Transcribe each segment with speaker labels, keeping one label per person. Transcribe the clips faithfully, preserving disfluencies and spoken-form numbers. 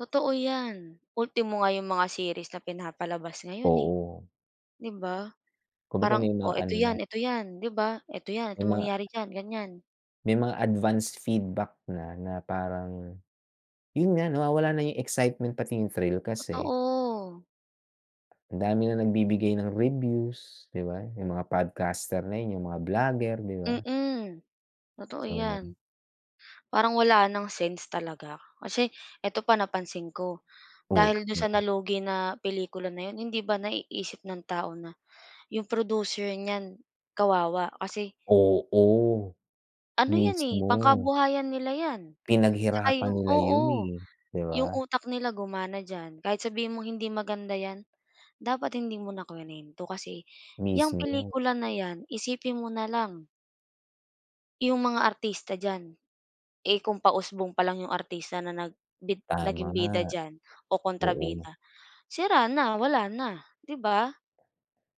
Speaker 1: Totoo yan, ultimo nga yung mga series na pinapalabas ngayon eh,
Speaker 2: Oo.
Speaker 1: 'di ba?
Speaker 2: Kumbaga
Speaker 1: Parang
Speaker 2: may
Speaker 1: o
Speaker 2: mga ano
Speaker 1: eto
Speaker 2: na.
Speaker 1: yan, eto 'yan, 'di ba, eto 'yan,
Speaker 2: May
Speaker 1: ito
Speaker 2: ma
Speaker 1: mangyayari diyan ganyan.
Speaker 2: May mga advanced feedback na, na parang yun nga nawawala na yung excitement pati yung thrill kasi
Speaker 1: Totoo.
Speaker 2: Ang dami ng nagbibigay ng reviews, 'di ba? Yung mga podcaster na yun yung mga blogger, 'di ba?
Speaker 1: Mm, totoo
Speaker 2: So.
Speaker 1: 'yan. Parang wala ng sense talaga, kasi, eto pa napansin ko,
Speaker 2: Oh,
Speaker 1: dahil dun sa
Speaker 2: mhm?
Speaker 1: nalugi na pelikula na yun hindi ba naiisip ng tao na yung producer niyan kawawa, kasi
Speaker 2: Oo,
Speaker 1: Ano 'yan eh,
Speaker 2: mismo.
Speaker 1: pangkabuhayan nila 'yan, saka
Speaker 2: Pinaghirapan
Speaker 1: yung
Speaker 2: nila yun,
Speaker 1: oo,
Speaker 2: eh, 'di
Speaker 1: yung
Speaker 2: ba?
Speaker 1: utak nila gumana diyan kahit sabihin mong hindi maganda yan dapat hindi mo na kinwento, kasi, yang
Speaker 2: Mismo.
Speaker 1: pelikula na yan, isipin mo na lang Yung mga artista diyan, eh, kung pausbong palang yung artista na nag bid
Speaker 2: Tama.
Speaker 1: naging bida diyan o
Speaker 2: Oo.
Speaker 1: kontrabida, sira na, wala na, 'di ba?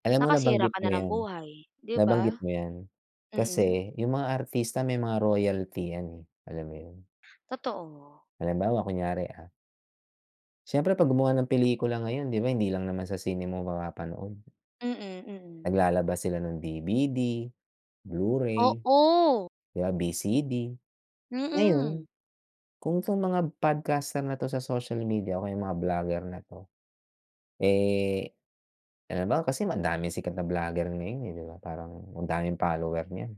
Speaker 2: Alam mo
Speaker 1: Nakasira
Speaker 2: nabanggit
Speaker 1: ka na
Speaker 2: mo
Speaker 1: ng
Speaker 2: 'yan,
Speaker 1: buhay, 'di ba?
Speaker 2: nabanggit mo 'yan,
Speaker 1: Mm.
Speaker 2: kasi, yung mga artista may mga royalty 'yan, eh, alam mo yun?
Speaker 1: Totoo.
Speaker 2: Halimbawa, kunyari, ah. Syempre, 'pag gumawa ng pelikula ngayon 'di ba, hindi lang naman sa sine mo mapapanood.
Speaker 1: Mm, mm.
Speaker 2: Naglalabas sila ng D-V-D, Blu-ray, o
Speaker 1: Oo.
Speaker 2: kaya V-C-D.
Speaker 1: Mm.
Speaker 2: Ngayon kung tong mga podcaster na to sa social media o mga blogger na 'to, eh, halimbawa kasi madaming sikat na blogger ngayon eh, 'di ba parang ang daming follower niyan.